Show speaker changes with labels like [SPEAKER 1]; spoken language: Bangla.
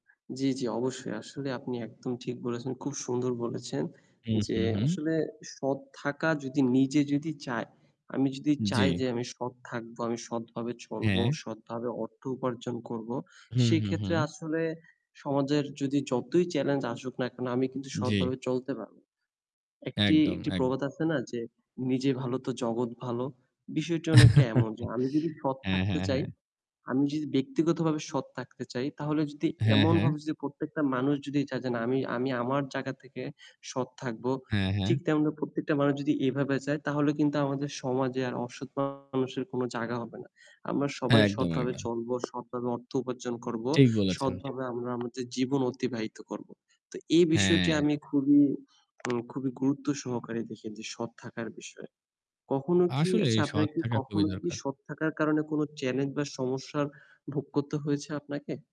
[SPEAKER 1] জি, জি। অবশ্যই আসলে আপনি একদম ঠিক বলেছেন। খুব সুন্দর বলেছেন,
[SPEAKER 2] হু,
[SPEAKER 1] যে
[SPEAKER 2] হু, হু।
[SPEAKER 1] আসলে সৎ থাকা যদি নিজে যদি চায় আমি যদি চাই
[SPEAKER 2] জি।
[SPEAKER 1] যে আমি সৎ থাকবো আমি সৎ ভাবে চলবো
[SPEAKER 2] হ্যাঁ।
[SPEAKER 1] সৎভাবে অর্থ উপার্জন করবো
[SPEAKER 2] হু, হু,
[SPEAKER 1] সেক্ষেত্রে
[SPEAKER 2] হু।
[SPEAKER 1] আসলে সমাজের যদি যতই চেলেঞ্জ আসুক না কেন আমি কিন্তু
[SPEAKER 2] জি।
[SPEAKER 1] সৎভাবে চলতে পারব। একটি,
[SPEAKER 2] একদম,
[SPEAKER 1] একটি
[SPEAKER 2] এক
[SPEAKER 1] প্রবাদ আছে না যে "নিজে ভালো তো জগৎ ভালো" বিষয়টি অনেকটা এমনই। যে আমি যদি সৎ
[SPEAKER 2] হ্যাঁ,
[SPEAKER 1] থাকতে
[SPEAKER 2] হ্যাঁ,
[SPEAKER 1] চাই,
[SPEAKER 2] হ্যাঁ।
[SPEAKER 1] আমি যদি ব্যক্তিগতভাবে সৎ থাকতে চাই তাহলে যদি
[SPEAKER 2] হ্যাঁ, হ্যাঁ।
[SPEAKER 1] এমনভাবে যদি প্রত্যেকটা মানুষ যদি চাই যে না আমি, আমি আমার জায়গা থেকে সৎ থাকবো
[SPEAKER 2] হ্যাঁ, হ্যাঁ।
[SPEAKER 1] ঠিক তেমন প্রত্যেকটা মানুষ যদি এভাবে চায় তাহলে কিন্তু আমাদের সমাজে আর অসৎ মানুষের কোন জায়গা হবে না। আমরা সবাই সৎ
[SPEAKER 2] একদম,
[SPEAKER 1] ভাবে
[SPEAKER 2] একদম।
[SPEAKER 1] চলবো, সৎভাবে অর্থ উপার্জন করব,
[SPEAKER 2] ঠিক বলেছেন।
[SPEAKER 1] সৎভাবে আমরা আমাদের জীবন অতিবাহিত করব। তো এই বিষয়টি
[SPEAKER 2] হ্যাঁ।
[SPEAKER 1] আমি খুবই উম খুবই গুরুত্ব সহকারে দেখি যে সৎ থাকার বিষয়ে। কখনো কি
[SPEAKER 2] আসলে
[SPEAKER 1] আচ্ছা আপনার
[SPEAKER 2] সৎ
[SPEAKER 1] কি
[SPEAKER 2] থাকা খুবই
[SPEAKER 1] কখনো কি
[SPEAKER 2] দরকার।
[SPEAKER 1] সৎ থাকার কারণে কোনো চেলেঞ্জ বা সমস্যার ভোগ করতে হয়েছে আপনাকে?